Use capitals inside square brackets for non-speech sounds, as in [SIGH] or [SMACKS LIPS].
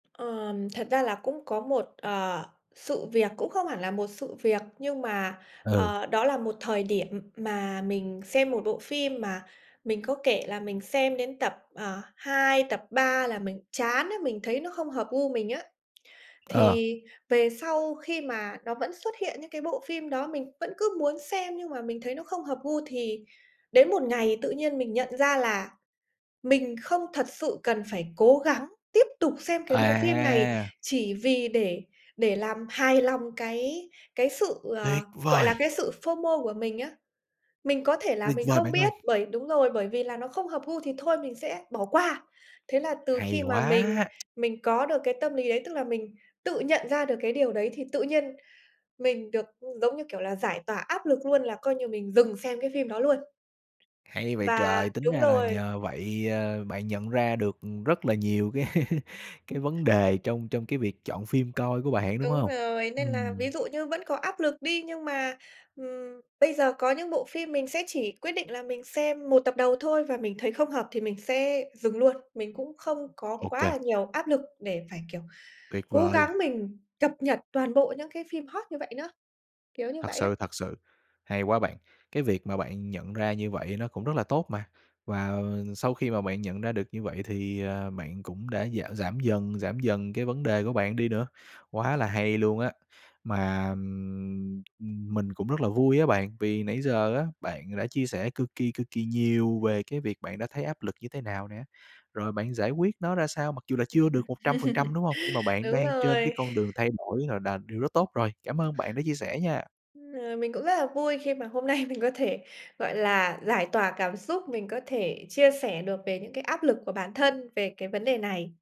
Ờ, thật ra là cũng có một, ờ, sự việc, cũng không hẳn là một sự việc, nhưng mà, Ừ. ờ, đó là một thời điểm mà mình xem một bộ phim mà mình có kể là mình xem đến tập, ờ, 2, tập 3 là mình chán á, mình thấy nó không hợp gu mình á. Ờ. Thì về sau khi mà nó vẫn xuất hiện những cái bộ phim đó, mình vẫn cứ muốn xem, nhưng mà mình thấy nó không hợp gu thì đến một ngày tự nhiên mình nhận ra là mình không thật sự cần phải cố gắng tiếp tục xem cái bộ phim này À! chỉ vì để để làm hài lòng cái cái sự, ờ, Tuyệt gọi là, vời! cái sự FOMO của mình á, mình có thể là Tuyệt mình vời không bạn ơi! biết, bởi đúng rồi, bởi vì là nó không hợp gu thì thôi mình sẽ bỏ qua. Thế là từ Hay khi mà mình quá! [SMACKS LIPS] mình có được cái tâm lý đấy, tức là mình tự nhận ra được cái điều đấy thì tự nhiên mình được, ưm, giống như kiểu là, giải tỏa áp lực luôn là coi như mình dừng xem cái phim đó luôn. Hay vậy Và trời! Tính đúng ra là rồi. nhờ vậy, ờ, bạn nhận ra được, ừm, rất là nhiều cái cái Ừm. vấn đề trong trong cái việc chọn phim coi của bạn, đúng Đúng hông? rồi, nên là ví Ừm. dụ như vẫn có áp lực đi, nhưng mà, ừm, bây giờ có những bộ phim mình sẽ chỉ quyết định là mình xem một tập đầu thôi và mình thấy không hợp thì mình sẽ dừng luôn. Mình cũng không có Ô quá kê. là nhiều áp lực để phải, kiểu, Tuyệt cố vời! gắng mình cập nhật toàn bộ những cái phim hot như vậy nữa, kiểu như Thật vậy đó. sự, thật sự. Hay quá bạn! Cái việc mà bạn nhận ra như vậy nó cũng rất là tốt mà. Và, ờ, sau khi mà bạn nhận ra được như vậy thì, à, bạn cũng đã gi giảm dần, giảm dần cái vấn đề của bạn đi nữa, quá là hay luôn á! Mà, ưm, mình cũng rất là vui á bạn, vì nãy giờ á bạn đã chia sẻ cực kỳ, cực kỳ nhiều về cái việc bạn đã thấy áp lực như thế nào nè, rồi bạn giải quyết nó ra sao mặc dù là chưa được 100%, đúng [CHUCKLES] hông? Nhưng mà bạn Đúng đang trên cái rồi. con đường [CHUCKLES] thay đổi rồi đà điều rất tốt rồi. Cảm ơn bạn đã chia sẻ nha! Ờ, mình cũng rất là vui khi mà hôm nay mình có thể, gọi là, giải tỏa cảm xúc, mình có thể chia sẻ được về những cái áp lực của bản thân về cái vấn đề này.